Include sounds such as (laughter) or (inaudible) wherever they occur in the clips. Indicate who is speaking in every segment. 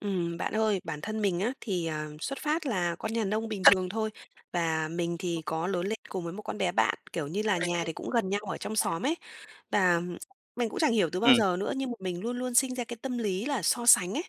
Speaker 1: Ừm, bạn ơi, bản thân mình á thì, ờ, xuất phát là con nhà nông bình thường thôi và mình thì
Speaker 2: (unintelligible)
Speaker 1: có lớn lên cùng với một con bé bạn, kiểu như là,
Speaker 2: Và
Speaker 1: nhà thì cũng gần nhau ở trong xóm ấy. Và mình cũng chẳng hiểu từ bao
Speaker 2: ừm.
Speaker 1: giờ nữa nhưng mà mình luôn luôn sinh ra cái tâm lý là so sánh ấy.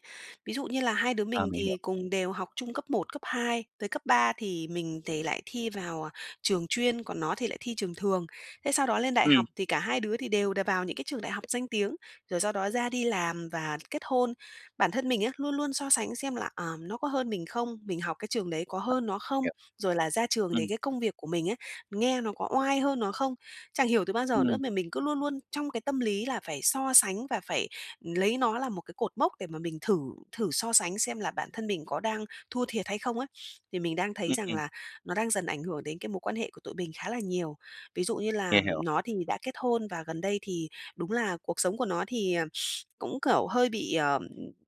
Speaker 1: Ví dụ như là hai đứa
Speaker 2: À,
Speaker 1: mình
Speaker 2: mình
Speaker 1: thì
Speaker 2: hiểu.
Speaker 1: cùng đều học chung cấp 1, cấp 2, tới cấp 3 thì mình thì lại thi vào, à, trường chuyên, còn nó thì lại thi trường thường. Thế sau đó lên đại học
Speaker 2: Ừm.
Speaker 1: thì cả hai đứa thì đều đà vào những cái trường đại học danh tiếng, rồi sau đó ra đi làm và kết hôn. Bản thân mình á, luôn luôn so sánh xem là, ờ, nó có hơn mình không? Mình học cái trường đấy có
Speaker 2: (unintelligible)
Speaker 1: hơn nó không?
Speaker 2: Hiểu.
Speaker 1: Rồi là ra trường thì
Speaker 2: Ừm.
Speaker 1: cái công việc của mình ấy, nghe nó có oai hơn nó không? Chẳng hiểu từ bao giờ nữa
Speaker 2: Ừm.
Speaker 1: mà mình cứ luôn luôn trong cái tâm lý là phải so sánh và phải lấy nó là một cái cột mốc để mà mình thử thử so sánh xem là bản thân mình có đang thua thiệt hay không ấy? Thì mình đang thấy
Speaker 2: Ừm,
Speaker 1: rằng
Speaker 2: ừm.
Speaker 1: là nó đang dần ảnh hưởng đến cái mối quan hệ của tụi mình khá là nhiều. Ví dụ như
Speaker 2: Hiểu,
Speaker 1: làm
Speaker 2: hiểu.
Speaker 1: nó thì đã kết hôn và gần đây thì đúng là cuộc sống của nó thì, à, (sniffs) cũng, kiểu, hơi bị, ờm,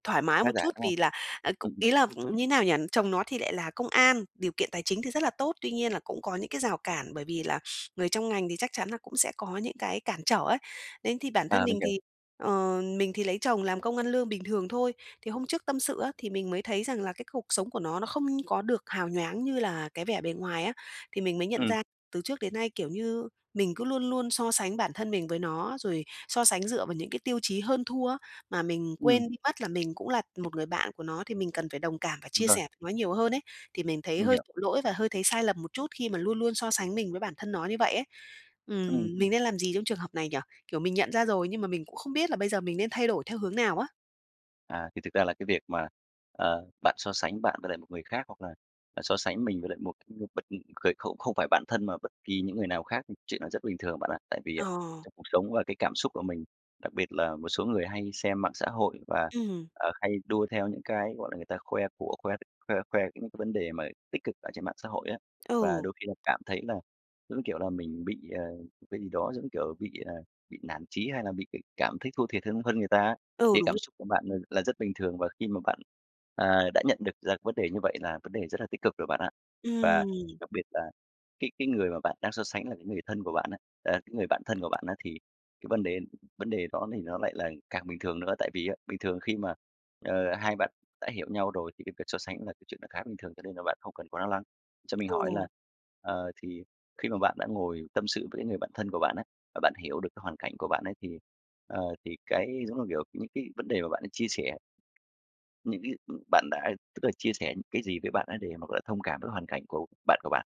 Speaker 1: thoải mái
Speaker 2: Khá
Speaker 1: một
Speaker 2: giả,
Speaker 1: chút
Speaker 2: đúng không?
Speaker 1: vì là, ờ, c
Speaker 2: Ừm, ừm.
Speaker 1: ý là như nào nhỉ? Chồng nó thì lại là công an, điều kiện tài chính thì rất là tốt. Tuy nhiên là cũng có những cái rào cản bởi vì là người trong ngành thì chắc chắn là cũng sẽ có những cái cản trở ấy. Nên thì bản thân
Speaker 2: À, mình
Speaker 1: mình
Speaker 2: hiểu.
Speaker 1: thì, ờ, mình thì lấy chồng làm công ăn lương bình thường thôi. Thì hôm trước tâm sự á, thì mình mới thấy rằng là cái cuộc sống của nó nó không có được hào nhoáng như là cái vẻ bề ngoài á, thì mình mới nhận
Speaker 2: Ừm.
Speaker 1: ra từ trước đến nay, kiểu như, mình cứ luôn luôn so sánh bản thân mình với nó, rồi so sánh dựa vào những cái tiêu chí hơn thua á, mà mình
Speaker 2: Ừm.
Speaker 1: quên đi mất là mình cũng là một người bạn của nó thì mình cần phải đồng cảm và
Speaker 2: Ừm,
Speaker 1: chia
Speaker 2: vâng.
Speaker 1: sẻ (unintelligible) nó nhiều hơn ấy. Thì mình thấy
Speaker 2: Mình
Speaker 1: hơi
Speaker 2: hiểu.
Speaker 1: tội lỗi và hơi thấy sai lầm một chút khi mà luôn luôn so sánh mình với bản thân nó như vậy ấy.
Speaker 2: Ừm.
Speaker 1: Ừm, mình nên làm gì trong trường hợp này nhỉ? Kiểu, mình nhận ra rồi nhưng mà mình cũng không biết là bây giờ mình nên thay đổi theo hướng nào á?
Speaker 2: À, thì thực ra là cái việc mà, ờ, bạn so sánh bạn với lại một người khác, hoặc là, à, so sánh mình với lại một cái nhân vật g không không phải bạn thân, mà bất kỳ những người nào khác, chuyện đó rất bình thường bạn ạ. Tại vì, à,
Speaker 1: Ờ.
Speaker 2: trong cuộc sống và cái cảm xúc của mình, đặc biệt là một số người hay xem mạng xã hội và,
Speaker 1: Ừm.
Speaker 2: ờ, hay đua theo những cái, gọi là, người ta khoe của, khoe khoe khoe những cái vấn đề mà tích cực ở trên mạng xã hội á. Và
Speaker 1: Ừ.
Speaker 2: đôi khi là cảm thấy là, giống như kiểu, là mình bị, ờ, một cái gì đó, giống như kiểu, bị, ờ, bị nản chí hay là bị bị cảm thấy thua thiệt hơn hơn người ta á,
Speaker 1: Ừ,
Speaker 2: thì
Speaker 1: đúng
Speaker 2: cảm
Speaker 1: rồi.
Speaker 2: xúc của bạn là rất bình thường, và khi mà bạn, à, đã nhận được ra vấn đề như vậy là vấn đề rất là tích cực rồi bạn ạ. Và
Speaker 1: Ừm.
Speaker 2: đặc biệt là cái cái người mà bạn đang so sánh là cái người thân của bạn á à, cái người bạn thân của bạn á, thì cái vần đề vấn đề đó thì nó lại là càng bình thường nữa. Tại vì á, bình thường khi mà, ờ, hai bạn đã hiểu nhau rồi, thì cái việc so sánh cũng là cái chuyện nó khá là bình thường, cho nên là bạn không cần quá lo lắng. Cho mình hỏi là,
Speaker 1: Ừ.
Speaker 2: ờ, thì khi mà bạn đã ngồi tâm sự với cái người bạn thân của bạn á, và bạn hiểu được cái hoàn cảnh của bạn ấy thì, ờ, thì cái, giống là, kiểu, những cái vấn đề mà bạn đã chia sẻ những cái, ừm, bạn đã, tức là, chia sẻ những cái gì với bạn ấy để mà, gọi là, thông cảm với hoàn cảnh của bạn của bạn?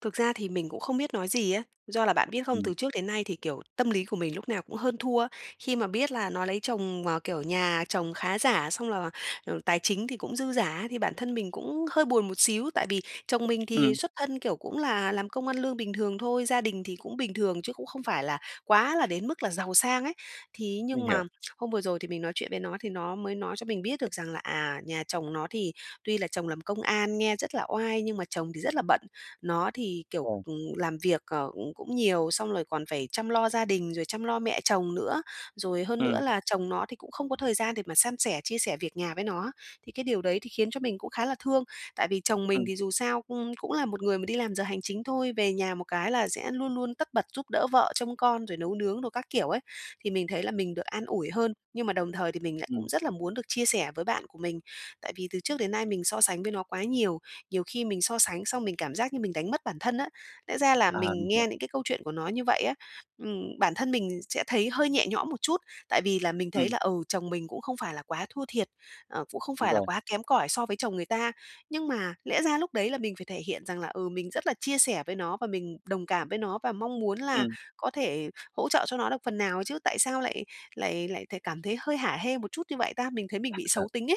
Speaker 1: Thực ra thì mình cũng không biết nói gì á, do là bạn biết không?
Speaker 2: Ừm.
Speaker 1: Từ trước đến nay thì, kiểu, tâm lý của mình lúc nào cũng hơn thua. Khi mà biết là nó lấy chồng, ờ, kiểu, nhà chồng khá giả xong là, ừ, tài chính thì cũng dư dả thì bản thân mình cũng hơi buồn một xíu, tại vì chồng mình thì
Speaker 2: Ừm.
Speaker 1: xuất thân kiểu cũng là làm công ăn lương bình thường thôi, gia đình thì cũng bình thường chứ cũng không phải là quá là đến mức là giàu sang ấy. Thì ấy nhưng
Speaker 2: Mình
Speaker 1: mà
Speaker 2: hiểu.
Speaker 1: hôm vừa rồi thì mình nói chuyện với nó thì nó mới nói cho mình biết được rằng là, à, nhà chồng nó thì tuy là chồng làm công an nha rất là oai nhưng mà chồng thì rất là bận. Nó thì, kiểu,
Speaker 2: Ờ.
Speaker 1: ừm, làm việc, ờ, cũng cũng nhiều xong rồi còn phải chăm lo gia đình, rồi chăm lo mẹ chồng nữa. Rồi hơn nữa
Speaker 2: Ừm.
Speaker 1: là chồng nó thì cũng không có thời gian để mà san sẻ, chia sẻ việc nhà với nó. Thì cái điều đấy thì khiến cho mình cũng khá là thương. Tại vì chồng mình
Speaker 2: Ừm.
Speaker 1: thì dù sao cung cũng là một người mà đi làm giờ hành chính thôi, về nhà một cái là sẽ luôn luôn tất bật giúp đỡ vợ trông con, rồi nấu nướng đồ các kiểu ấy. Thì mình thấy là mình được an ủi hơn, nhưng mà đồng thời thì mình lại cũng
Speaker 2: Ừm.
Speaker 1: rất là muốn được chia sẻ với bạn của mình, tại vì từ trước đến nay mình so sánh với nó quá nhiều, nhiều khi mình so sánh xong mình cảm giác như mình đánh mất bản thân á. Lẽ ra là
Speaker 2: À,
Speaker 1: mình
Speaker 2: mình
Speaker 1: nghe
Speaker 2: hiểu.
Speaker 1: những cái câu chuyện của nó như vậy á, ừm, bản thân mình sẽ thấy hơi nhẹ nhõm một chút, tại vì là mình thấy
Speaker 2: Ừm.
Speaker 1: là, ừ, chồng mình cũng không phải là quá thua thiệt, ờ, cũng không
Speaker 2: Đúng
Speaker 1: phải là
Speaker 2: rồi.
Speaker 1: quá kém cỏi so với chồng người ta. Nhưng mà lẽ ra lúc đấy là mình phải thể hiện rằng là, ừ, mình rất là chia sẻ với nó và mình đồng cảm với nó và mong muốn là
Speaker 2: Ừm.
Speaker 1: có thể hỗ trợ cho nó được phần nào chứ, tại sao lại lại lại th cảm thấy hơi hả hê một chút như vậy ta? Mình thấy mình bị
Speaker 2: À.
Speaker 1: xấu tính ấy.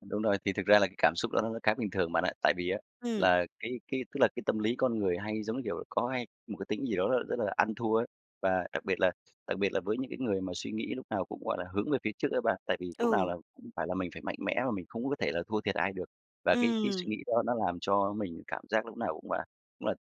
Speaker 2: Đúng rồi, thì thực ra là cái cảm xúc đó nó nó khá bình thường bạn ạ. Tại vì á,
Speaker 1: Ừm.
Speaker 2: là cái cái tức là cái tâm lý con người hay, giống như kiểu, có hay một cái tính gì đó rất là rất là ăn thua ấy. Và đặc biệt là đặc biệt là với những cái người mà suy nghĩ lúc nào cũng, gọi là, hướng về phía trước ấy bạn, tại vì lúc nào
Speaker 1: Ừ.
Speaker 2: là cũng phải là mình phải mạnh mẽ và mình không có có thể là thua thiệt ai được. Và cái cái suy
Speaker 1: Ừm.
Speaker 2: nghĩ đó nó làm cho mình cảm giác lúc nào cũng là cũng là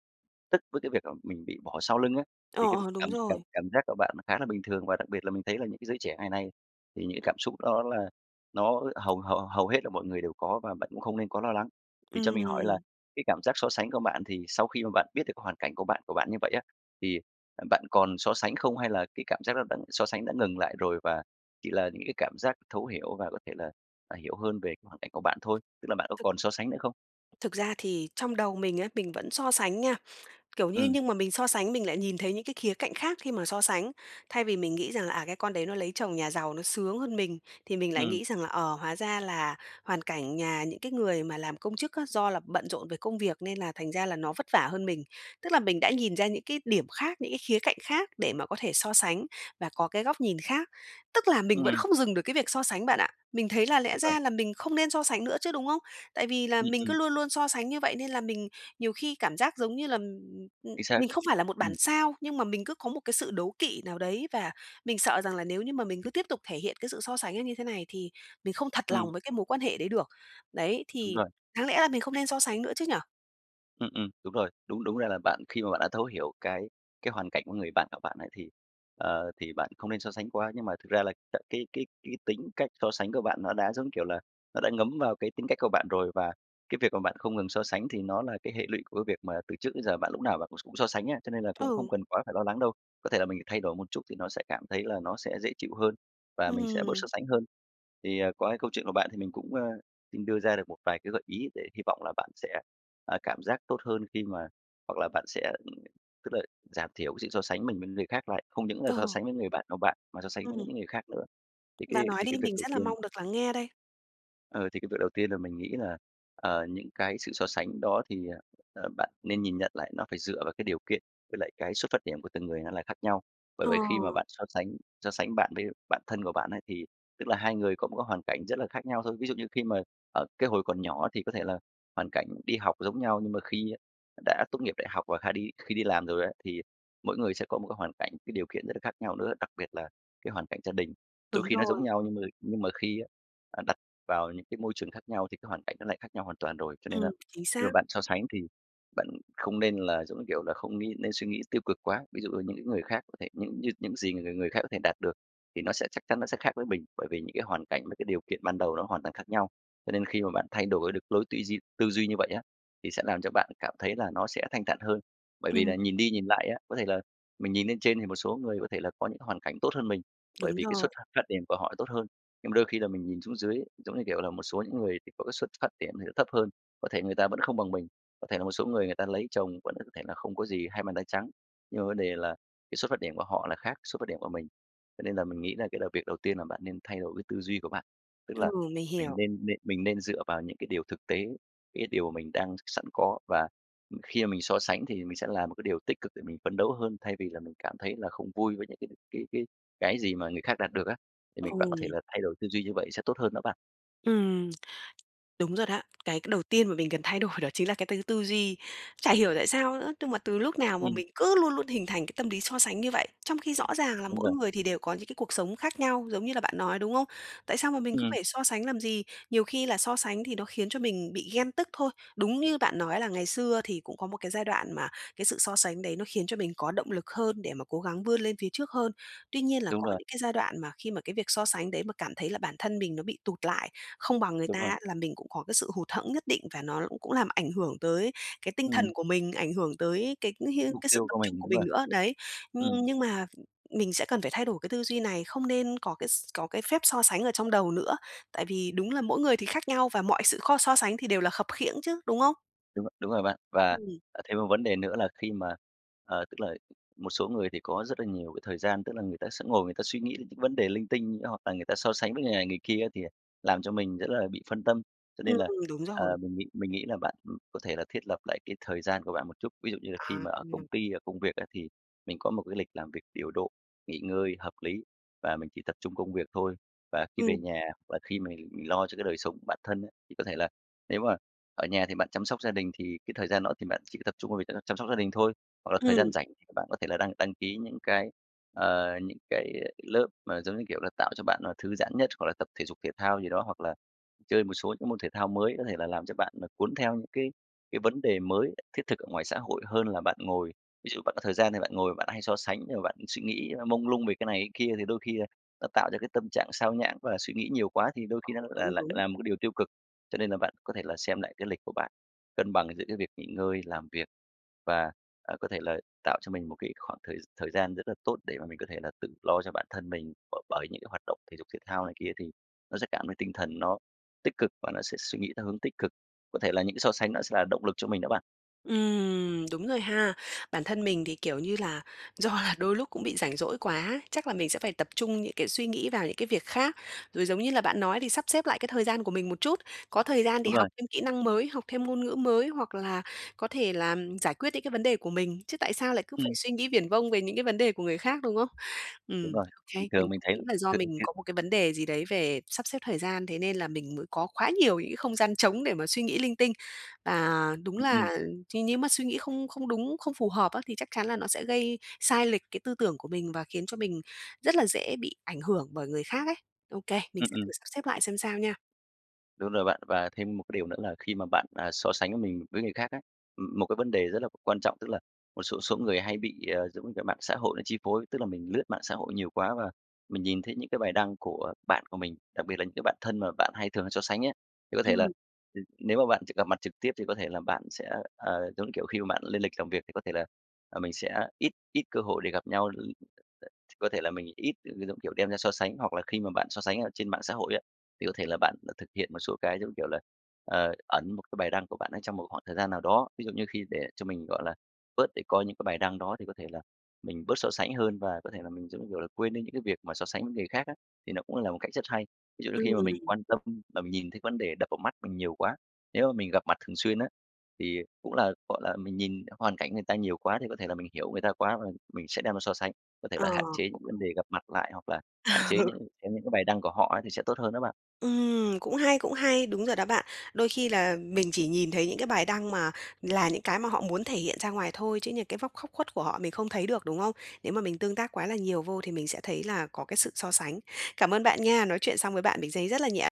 Speaker 2: tức với cái việc là mình bị bỏ sau lưng á.
Speaker 1: Ờ,
Speaker 2: Thì cái việc
Speaker 1: ờ, đúng
Speaker 2: cảm cảm
Speaker 1: rồi.
Speaker 2: cảm giác của bạn nó khá là bình thường, và đặc biệt là mình thấy là những cái giới trẻ ngày nay, thì những cái cảm xúc đó là nó hầu hầu hầu hết là mọi người đều có, và bạn cũng không nên có lo lắng. Thì cho mình hỏi là
Speaker 1: Ừm.
Speaker 2: cái cảm giác so sánh của bạn, thì sau khi mà bạn biết được cái hoàn cảnh của bạn của bạn như vậy á, thì, à, bạn còn so sánh không? Hay là cái cảm giác đó đã so sánh đã ngừng lại rồi, và chỉ là những cái cảm giác thấu hiểu và có thể là, à, hiểu hơn về cái hoàn cảnh của bạn thôi? Tức là bạn có
Speaker 1: Thực
Speaker 2: còn so sánh nữa không?
Speaker 1: thực ra thì trong đầu mình á, mình vẫn so sánh nha. Kiểu như
Speaker 2: Ừm.
Speaker 1: nhưng mà mình so sánh mình lại nhìn thấy những cái khía cạnh khác khi mà so sánh. Thay vì mình nghĩ rằng là "À, cái con đấy nó lấy chồng nhà giàu, nó sướng hơn mình." Thì mình lại
Speaker 2: Ừm.
Speaker 1: nghĩ rằng là "Ờ, hóa ra là hoàn cảnh nhà những cái người mà làm công chức á, do là bận rộn về công việc, nên là thành ra là nó vất vả hơn mình." Tức là mình đã nhìn ra những cái điểm khác, những cái khía cạnh khác để mà có thể so sánh và có cái góc nhìn khác. Tức là mình vẫn
Speaker 2: Ừm.
Speaker 1: không dừng được cái việc so sánh bạn ạ, mình thấy là lẽ
Speaker 2: Đúng rồi.
Speaker 1: ra là mình không nên so sánh nữa chứ, đúng không? Tại vì là
Speaker 2: Ừm,
Speaker 1: mình cứ
Speaker 2: ừm.
Speaker 1: luôn luôn so sánh như vậy, nên là mình nhiều khi cảm giác, giống như là, ừm, ừm, ừm,
Speaker 2: Chính xác.
Speaker 1: mình không phải là một bản
Speaker 2: Ừm.
Speaker 1: sao, nhưng mà mình cứ có một cái sự đố kỵ nào đấy, và mình sợ rằng là nếu như mà mình cứ tiếp tục thể hiện cái sự so sánh ấy như thế này thì mình không thật lòng
Speaker 2: Ừm.
Speaker 1: với cái mối quan hệ đấy được. Đấy,
Speaker 2: Đúng
Speaker 1: thì
Speaker 2: rồi.
Speaker 1: đáng lẽ ra mình không nên so sánh nữa chứ nhỉ?
Speaker 2: Ừm, ừm, đúng rồi. Đúng, đúng ra là bạn khi mà bạn đã thấu hiểu cái cái hoàn cảnh của người bạn của bạn ấy, thì, ờ, thì bạn không nên so sánh quá. Nhưng mà thực ra là c cái cái cái tính cách so sánh của bạn, nó đã giống, kiểu là, nó đã ngấm vào cái tính cách của bạn rồi và cái việc mà bạn không ngừng so sánh, thì nó là cái hệ lụy của cái việc mà từ trước đến giờ bạn lúc nào bạn cũng cũng so sánh á. Cho nên là cũng không
Speaker 1: Ừ.
Speaker 2: cần quá phải lo lắng đâu, có thể là mình thay đổi một chút thì nó sẽ cảm thấy là nó sẽ dễ chịu hơn và mình sẽ bớt
Speaker 1: Ừm.
Speaker 2: so sánh hơn. Thì, à, qua cái câu chuyện của bạn thì mình cũng, ờ, xin đưa ra được một vài cái gợi ý để hy vọng là bạn sẽ, à, cảm giác tốt hơn, khi mà hoặc là bạn sẽ tức là giảm thiểu cái sự so sánh mình mình người khác lại. Không những là so
Speaker 1: Ờ.
Speaker 2: sánh với người bạn của bạn mà so sánh với
Speaker 1: Ừm.
Speaker 2: những người khác nữa. Thì cái
Speaker 1: Bạn nói
Speaker 2: thì
Speaker 1: đi
Speaker 2: cái việc
Speaker 1: mình
Speaker 2: đầu
Speaker 1: rất là
Speaker 2: tiên
Speaker 1: mong được lắng nghe đây.
Speaker 2: ờ, thì cái việc đầu tiên là mình nghĩ là, ờ, những cái sự so sánh đó thì, à, ờ, bạn nên nhìn nhận lại nó phải dựa vào cái điều kiện, với lại cái xuất phát điểm của từng người nó là khác nhau. Bởi
Speaker 1: Ờ.
Speaker 2: vậy khi mà bạn so sánh so sánh bạn với bạn thân của bạn ấy, thì tức là hai người có một cái hoàn cảnh rất là khác nhau thôi. Ví dụ như khi mà ở cái hồi còn nhỏ thì có thể là hoàn cảnh đi học giống nhau, nhưng mà khi á đã tốt nghiệp đại học và khi đi khi đi làm rồi á, thì mỗi người sẽ có một cái hoàn cảnh, cái điều kiện rất là khác nhau nữa, đặc biệt là cái hoàn cảnh gia đình. Đôi
Speaker 1: Đúng
Speaker 2: khi nó giống
Speaker 1: rồi.
Speaker 2: nhau, nhưng mà nhưng mà khi á, à, đặt vào những cái môi trường khác nhau thì cái hoàn cảnh nó lại khác nhau hoàn toàn rồi. Cho nên
Speaker 1: Ừm,
Speaker 2: là
Speaker 1: chính
Speaker 2: khi mà
Speaker 1: xác.
Speaker 2: bạn so sánh thì bạn không nên là, giống như kiểu là, không nghĩ nên suy nghĩ tiêu cực quá. Ví dụ như những cái người khác có thể những như những gì người người khác có thể đạt được thì nó sẽ chắc chắn nó sẽ khác với mình. Bởi vì những cái hoàn cảnh, với cái điều kiện ban đầu nó hoàn toàn khác nhau. Cho nên khi mà bạn thay đổi được lối tư duy tư duy như vậy á, thì sẽ làm cho bạn cảm thấy là nó sẽ thanh thản hơn. Bởi vì
Speaker 1: Ừm.
Speaker 2: là nhìn đi nhìn lại á, có thể là mình nhìn lên trên thì một số người có thể là có những hoàn cảnh tốt hơn mình, bởi
Speaker 1: Đúng
Speaker 2: vì cái xuất
Speaker 1: rồi.
Speaker 2: phát phát điểm của họ tốt hơn. Nhưng mà đôi khi là mình nhìn xuống dưới ấy, giống như kiểu là, một số những người thì có cái xuất phát điểm thì nó thấp hơn, có thể người ta vẫn không bằng mình, có thể là một số người người ta lấy chồng vẫn (unintelligible) có thể là không có gì hai bàn tay trắng. Nhưng mà vấn đề là cái xuất phát điểm của họ là khác xuất phát điểm của mình. Cho nên là mình nghĩ là cái là việc đầu tiên là bạn nên thay đổi cái tư duy của bạn. Tức
Speaker 1: Ừ,
Speaker 2: là
Speaker 1: mình
Speaker 2: mình
Speaker 1: hiểu.
Speaker 2: nên nên mình nên dựa vào những cái điều thực tế, cái điều mình đang sẵn có và, ừm, khi mà mình so sánh thì mình sẽ làm một cái điều tích cực để mình phấn đấu hơn, thay vì là mình cảm thấy là không vui với những cái cái cái cái gì mà người khác đạt được á, thì mình bạn có thể
Speaker 1: Ờm.
Speaker 2: là thay đổi tư duy như vậy sẽ tốt hơn đó bạn.
Speaker 1: Ừm. Đúng rồi đó. Cái c đầu tiên mà mình cần thay đổi đó chính là cái tư tư duy. Chả hiểu tại sao nữa? Tung là từ lúc nào mà
Speaker 2: Ừm.
Speaker 1: mình cứ luôn luôn hình thành cái tâm lý so sánh như vậy, trong khi rõ ràng là
Speaker 2: Đúng
Speaker 1: mỗi
Speaker 2: rồi.
Speaker 1: người thì đều có những cái cuộc sống khác nhau, giống như là bạn nói, đúng không? Tại sao mà mình cứ
Speaker 2: Ừm.
Speaker 1: phải so sánh làm gì? Nhiều khi là so sánh thì nó khiến cho mình bị ghen tức thôi. Đúng như bạn nói là ngày xưa thì cũng có một cái giai đoạn mà cái sự so sánh đấy, nó khiến cho mình có động lực hơn để mà cố gắng vươn lên phía trước hơn. Tuy nhiên là
Speaker 2: Đúng
Speaker 1: có
Speaker 2: rồi.
Speaker 1: những cái giai đoạn mà khi mà cái việc so sánh đấy mà cảm thấy là bản thân mình nó bị tụt lại, không bằng người
Speaker 2: Đúng
Speaker 1: ta
Speaker 2: rồi.
Speaker 1: á, là mình cũng có cái sự hụt hẫng nhất định và nó cũng cũng làm ảnh hưởng tới cái tinh thần
Speaker 2: Ừm.
Speaker 1: của mình, ảnh hưởng tới cái
Speaker 2: Cái
Speaker 1: (unintelligible)
Speaker 2: mục
Speaker 1: cái sự
Speaker 2: tiêu
Speaker 1: tập
Speaker 2: của
Speaker 1: trung
Speaker 2: mình
Speaker 1: của
Speaker 2: đấy mà.
Speaker 1: mình nữa, đấy. Nhưng
Speaker 2: Ừm.
Speaker 1: nhưng mà, ừm, mình sẽ cần phải thay đổi cái tư duy này, không nên có cái s có cái phép so sánh ở trong đầu nữa. Tại vì đúng là mỗi người thì khác nhau và mọi sự kho so sánh thì đều là khập khiễng chứ, đúng không?
Speaker 2: Đúng rồi, đúng rồi bạn. Và,
Speaker 1: Ừm.
Speaker 2: à, thêm một vấn đề nữa là khi mà, ờ, tức là một số người thì có rất là nhiều cái thời gian, tức là người ta sẽ ngồi người ta suy nghĩ đến những vấn đề linh tinh hoặc là người ta so sánh với người này người kia, thì, à, làm cho mình rất là bị phân tâm. Cho
Speaker 1: Ừm.
Speaker 2: nên là,
Speaker 1: Đúng
Speaker 2: à,
Speaker 1: rồi.
Speaker 2: mình nghĩ mình nghĩ là bạn, ừm, có thể là thiết lập lại cái thời gian của bạn một chút. Ví dụ như là khi
Speaker 1: À
Speaker 2: mà ở công
Speaker 1: (unintelligible)
Speaker 2: ty, ở công việc á thì mình có một cái lịch làm việc điều độ, nghỉ ngơi hợp lý và mình chỉ tập trung công việc thôi. Và khi về
Speaker 1: Ừm.
Speaker 2: nhà và khi mình mình lo cho cái đời sống của bản thân á, thì có thể là nếu mà ở nhà thì bạn chăm sóc gia đình thì cái thời gian đó thì bạn chỉ có tập trung vào việc đấy là chăm sóc gia đình thôi. Hoặc là thời
Speaker 1: Ừm.
Speaker 2: gian rảnh bạn có thể là đăng đăng ký những cái, ờ, những cái, ơ, lớp mà giống như kiểu là tạo cho bạn, à, thư giãn nhất. Hoặc là tập thể dục thể thao gì đó, hoặc là chơi một số những môn thể thao mới có thể là làm cho bạn, à, cuốn theo cái cái vấn đề mới thiết thực ở ngoài xã hội hơn là bạn ngồi. Ví dụ bạn có thời gian thì bạn ngồi bạn hay so sánh rồi bạn suy nghĩ, ơ, mông lung về cái này cái kia thì đôi khi là nó tạo ra cái tâm trạng sao nhãng và suy nghĩ nhiều quá, thì đôi khi nó
Speaker 1: Ồ,
Speaker 2: là
Speaker 1: đúng,
Speaker 2: lại
Speaker 1: đúng.
Speaker 2: làm một cái điều tiêu cực. Cho nên là bạn có thể là xem lại cái lịch của bạn, cân bằng giữa cái việc nghỉ ngơi, làm việc. Và, ờ, có thể là tạo cho mình một cái khoảng thời s thời gian rất là tốt để mà mình có thể là tự lo cho bản thân mình, b bởi những cái hoạt động thể dục thể thao này kia. Thì nó sẽ cảm thấy tinh thần nó tích cực, và nó sẽ suy nghĩ theo hướng tích cực. Có thể là những cái so sánh nó sẽ là động lực cho mình đó bạn.
Speaker 1: Ừm, đúng rồi ha. Bản thân mình thì, kiểu như là, do là đôi lúc cũng bị rảnh rỗi quá, chắc là mình sẽ phải tập trung những cái suy nghĩ vào những cái việc khác, rồi, giống như là bạn nói, thì sắp xếp lại cái thời gian của mình một chút. Có thời gian thì
Speaker 2: Đúng rồi.
Speaker 1: học thêm kỹ năng mới, học thêm ngôn ngữ mới, hoặc là có thể là giải quyết những cái vấn đề của mình, chứ tại sao lại cứ phải
Speaker 2: Ừm.
Speaker 1: suy nghĩ viển vông về những cái vấn đề của người khác, đúng hông?
Speaker 2: Đúng
Speaker 1: Ừm,
Speaker 2: rồi,
Speaker 1: ô kê.
Speaker 2: thì
Speaker 1: Mình
Speaker 2: thường mình
Speaker 1: cũng
Speaker 2: thấy
Speaker 1: nghĩ là do mình
Speaker 2: (unintelligible)
Speaker 1: có một cái vấn đề gì đấy về sắp xếp thời gian, thế nên là mình mới có quá nhiều những cái không gian trống để mà suy nghĩ linh tinh. Và đúng
Speaker 2: Ừm, ừm.
Speaker 1: là ch nếu mà suy nghĩ không không đúng, không phù hợp á, thì chắc chắn là nó sẽ gây sai lệch cái tư tưởng của mình, và khiến cho mình rất là dễ bị ảnh hưởng bởi người khác ấy. Ô kê, mình
Speaker 2: Ừm,
Speaker 1: sẽ thử
Speaker 2: ừm.
Speaker 1: sắp xếp lại xem sao nha.
Speaker 2: Đúng rồi bạn, và thêm một cái điều nữa là khi mà bạn, à, so sánh mình với người khác ấy, ừm, một cái vấn đề rất là quan trọng, tức là một số số người hay bị, à, giống như kiểu, mạng xã hội nó chi phối, tức là mình lướt mạng xã hội nhiều quá và mình nhìn thấy những cái bài đăng của bạn của mình, đặc biệt là những cái bạn thân mà bạn hay thường hay so sánh ấy. Thì có thể là,
Speaker 1: Ừm.
Speaker 2: ừm, nếu mà bạn t gặp mặt trực tiếp thì có thể là bạn sẽ, ờ, giống như kiểu, khi mà bạn lên lịch làm việc thì có thể là, ờ, mình sẽ ít ít cơ hội để gặp nhau, l ch có thể là mình ít c cái giống kiểu, đem ra so sánh. Hoặc là khi mà bạn so sánh ở trên mạng xã hội á, thì có thể là bạn, ờ, thực hiện một số cái, giống như kiểu là, ờ, ẩn một cái bài đăng của bạn ấy trong một khoảng thời gian nào đó. Ví dụ như khi để cho mình, gọi là, bớt để coi những cái bài đăng đó, thì có thể là mình bớt so sánh hơn và có thể là mình, giống như kiểu là, quên đi những cái việc mà so sánh với người khác á, thì nó cũng là một cách rất hay. Ví dụ như khi mà mình
Speaker 1: Ừm.
Speaker 2: quan tâm và mình nhìn thấy vấn đề đập vào mắt mình nhiều quá, nếu mà mình gặp mặt thường xuyên á, thì cũng là, gọi là, mình nhìn hoàn cảnh người ta nhiều quá, thì có thể là mình hiểu người ta quá, và mình sẽ đem ra so sánh. Có thể
Speaker 1: Ờ.
Speaker 2: là hạn chế những vấn đề gặp mặt lại, hoặc là hạn chế
Speaker 1: Ừ.
Speaker 2: những chế những cái bài đăng của họ ấy, thì sẽ tốt hơn đó bạn.
Speaker 1: Ừm, cũng hay, cũng hay. Đúng rồi đó bạn. Đôi khi là mình chỉ nhìn thấy những cái bài đăng mà là những cái mà họ muốn thể hiện ra ngoài thôi, chứ những cái vóc khóc khuất của họ mình không thấy được, đúng hông? Nếu mà mình tương tác quá là nhiều vô thì mình sẽ thấy là có cái sự so sánh. Cảm ơn bạn nha, nói chuyện xong với bạn mình giấy rất là nhẹ